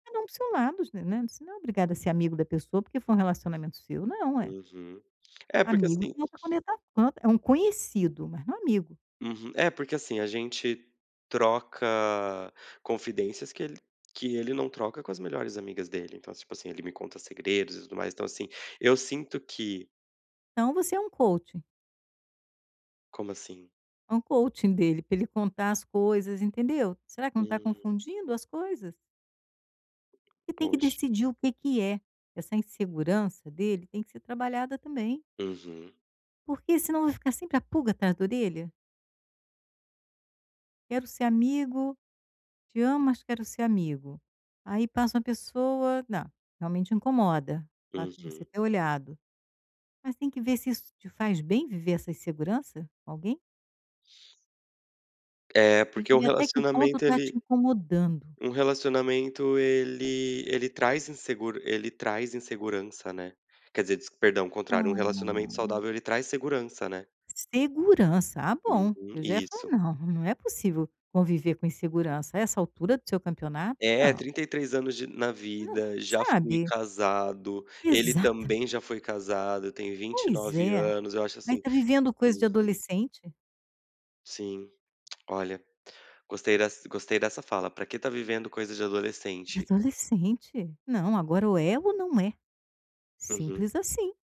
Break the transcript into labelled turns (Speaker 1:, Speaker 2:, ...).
Speaker 1: Cada um para o seu lado, [unintelligible] né, você não é obrigada a ser amigo da pessoa, porque foi um relacionamento seu, não ué.
Speaker 2: Uhum. É porque,
Speaker 1: Amigo
Speaker 2: assim
Speaker 1: tem outra conotação. É, um conhecido, mas não amigo.
Speaker 2: Uhum, é porque, assim, a gente troca, confidências que ele que ele não troca com as melhores amigas dele, então, tipo assim, ele me conta segredos e tudo mais, então, assim, eu sinto que
Speaker 1: Então, você é um coaching.
Speaker 2: Como assim?
Speaker 1: É um coaching dele, pra ele contar as coisas, entendeu? Será, que não tá
Speaker 2: Hum.
Speaker 1: confundindo as coisas? E tem que
Speaker 2: Pois.
Speaker 1: decidir o que que é. Essa insegurança dele, tem que ser trabalhada também
Speaker 2: Uhum.
Speaker 1: porque, senão, vai ficar sempre a pulga atrás da orelha "quero ser amigo. Te amo, mas quero ser amigo". Aí passa uma pessoa Não, realmente incomoda, fato de você
Speaker 2: Uhum.
Speaker 1: ter olhado. Mas tem que ver se isso te faz bem viver essa insegurança, com alguém?
Speaker 2: É,
Speaker 1: Tem
Speaker 2: porque
Speaker 1: que
Speaker 2: o
Speaker 1: ver até que ponto
Speaker 2: relacionamento
Speaker 1: tá te
Speaker 2: ele
Speaker 1: incomodando.
Speaker 2: um relacionamento ele ele traz inseguro ele traz insegurança, né? Quer dizer, descu perdão, o contrário. Um relacionamento
Speaker 1: Ah.
Speaker 2: saudável ele traz segurança, né.
Speaker 1: Segurança, ah bom!
Speaker 2: Uhum,
Speaker 1: Eu já ia falar:
Speaker 2: isso.
Speaker 1: "Não, não é possível, conviver com insegurança, a essa altura do seu campeonato.
Speaker 2: É,
Speaker 1: Não!"
Speaker 2: 33 anos de na vida, já fui
Speaker 1: Sabe?
Speaker 2: casado, ele
Speaker 1: Exata
Speaker 2: também já foi casado, tem vinte e
Speaker 1: Pois
Speaker 2: nove
Speaker 1: é.
Speaker 2: anos, acho,
Speaker 1: Vai
Speaker 2: assim
Speaker 1: tá vivendo coisa de
Speaker 2: Uhum.
Speaker 1: adolescente?
Speaker 2: Sim, olha, gostei des gostei dessa fala: "Pra que tá vivendo coisas de
Speaker 1: De
Speaker 2: adolescente?".
Speaker 1: adolescente? Não agora o ego não é
Speaker 2: Uhum.
Speaker 1: Simples, assim.